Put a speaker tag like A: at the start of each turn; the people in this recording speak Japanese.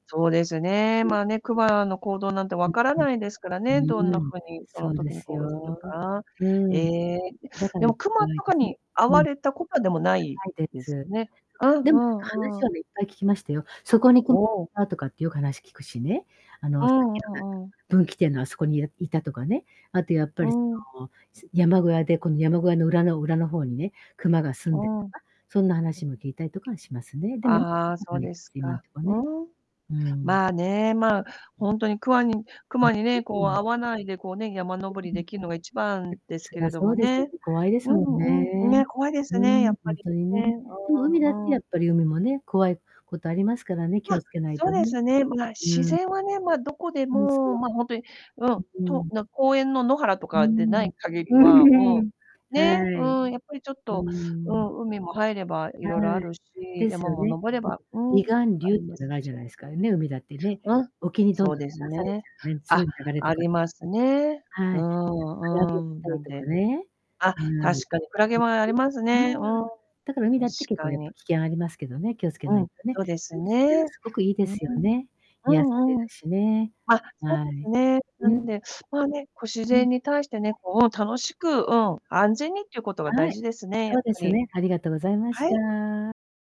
A: そうですね、
B: うん。
A: まあ、ね、熊の行動なんて
B: ん
A: 分から
B: ん。
A: ないですから
B: う
A: ね、どんな
B: ーん、
A: 風にそ
B: そ
A: の
B: うで
A: 時に
B: す
A: 行動する
B: よ。
A: か。
B: う
A: え
B: ーん。
A: え、い
B: だか
A: で
B: ら、
A: も
B: き
A: 熊
B: 怖い
A: とか
B: です。
A: に遭
B: うん。
A: わ
B: な
A: れたことは、でも、ない
B: いで
A: です
B: す。
A: ね？うん
B: で
A: う
B: も、
A: ん
B: 話
A: うん。
B: はね、いっぱい聞きましたよ。そこに、
A: お
B: こ
A: お。
B: あとかってよく話聞くしね。あ
A: う
B: の、さっ
A: んう
B: き
A: んうん。
B: の分岐点のあすこに、いいたとかね。あとやっぱ
A: う
B: りそ
A: ん。
B: の、す山小屋で、この山小屋の裏の裏の方にね、熊が住んでと
A: うん。
B: か、そんな話も聞いたりとかはしますね。でも、
A: ああ、そう
B: [unintelligible]
A: です
B: 今ん
A: か、
B: とこ
A: う
B: ね、
A: うん。
B: うーん。
A: まあ、ね、まあ、ほんとに、くわに
B: ん、ん
A: 熊
B: ん、
A: にね、こ
B: う
A: う、
B: ん。
A: 遭わないでこうね、山登りできるのが一番です
B: そ
A: けれ
B: ら
A: ど
B: そ
A: も
B: うですよ
A: ね。
B: ね、怖いで
A: う
B: す
A: ん
B: もん
A: うん、うん、ね、
B: ね。
A: 怖いです
B: う
A: ね、や
B: ん、
A: っ
B: ほ
A: ぱ
B: ん
A: り
B: とに
A: ね、
B: ね。
A: う
B: でも、
A: ん
B: 海だっ
A: う
B: て、
A: ん、う
B: やっ
A: ん。
B: ぱり海もね、怖いことありますからね、気を
A: あ、
B: 付けない
A: そ
B: と
A: うで
B: ね。
A: すね、ま、自
B: うん。
A: 然はね、ま、どこでも、
B: そ
A: ま、ほんとに、うん、
B: う。うう
A: と、
B: ん。
A: な公園の、野原と
B: うー
A: かでな
B: ん。
A: い限り
B: う
A: は、
B: んう
A: う
B: ん。
A: ん、
B: は
A: ね、
B: い。
A: うん、やっぱりちょっ
B: うー
A: と、う
B: ん。
A: ん、海も入ればいろいろ
B: は
A: あ
B: い。
A: るし、
B: です
A: 山
B: よ
A: も
B: ね。ん、
A: 登れば、うん、
B: 離岸
A: あ
B: 流っ
A: りま
B: ての
A: す
B: があるじ
A: し。
B: ゃないですか、ね、海だってね。
A: うん、
B: 沖にどん
A: そう
B: どん
A: です
B: 流されち
A: ね。
B: ゃうね、強
A: あ、
B: い流れと
A: あ
B: か。
A: りますね。う
B: は
A: ー
B: い。
A: ん
B: クラ
A: うー
B: ゲ
A: ん、
B: た
A: な
B: り
A: ん
B: と
A: で。
B: かね。
A: あ、
B: うん。
A: 確かにクラゲもあり
B: [unintelligible]
A: ますね、う
B: うん。
A: ん、
B: だから、海だ
A: 確
B: って、結構、
A: か
B: やっぱ
A: に。
B: 危険ありますけどね、気をつけ
A: う
B: ない
A: ん、
B: とね。
A: そうで
B: で
A: す
B: も、自然は
A: ね。
B: すごくいいで
A: うう
B: すよ
A: ん。
B: ね。
A: う
B: 癒され
A: んうん。
B: るしね。
A: あ、そう
B: はい。
A: ですね。な
B: う
A: ん
B: ん。
A: で、まあ、ね、こう、自
B: うん。
A: 然に対して
B: そ
A: ね、
B: う。
A: こう、うん、楽しく、うん、安全にっていうことが大
B: はい、
A: 事ですね、やっ
B: そうで
A: ぱ
B: す
A: り。
B: ね。ありがとうございまし
A: はい。
B: た。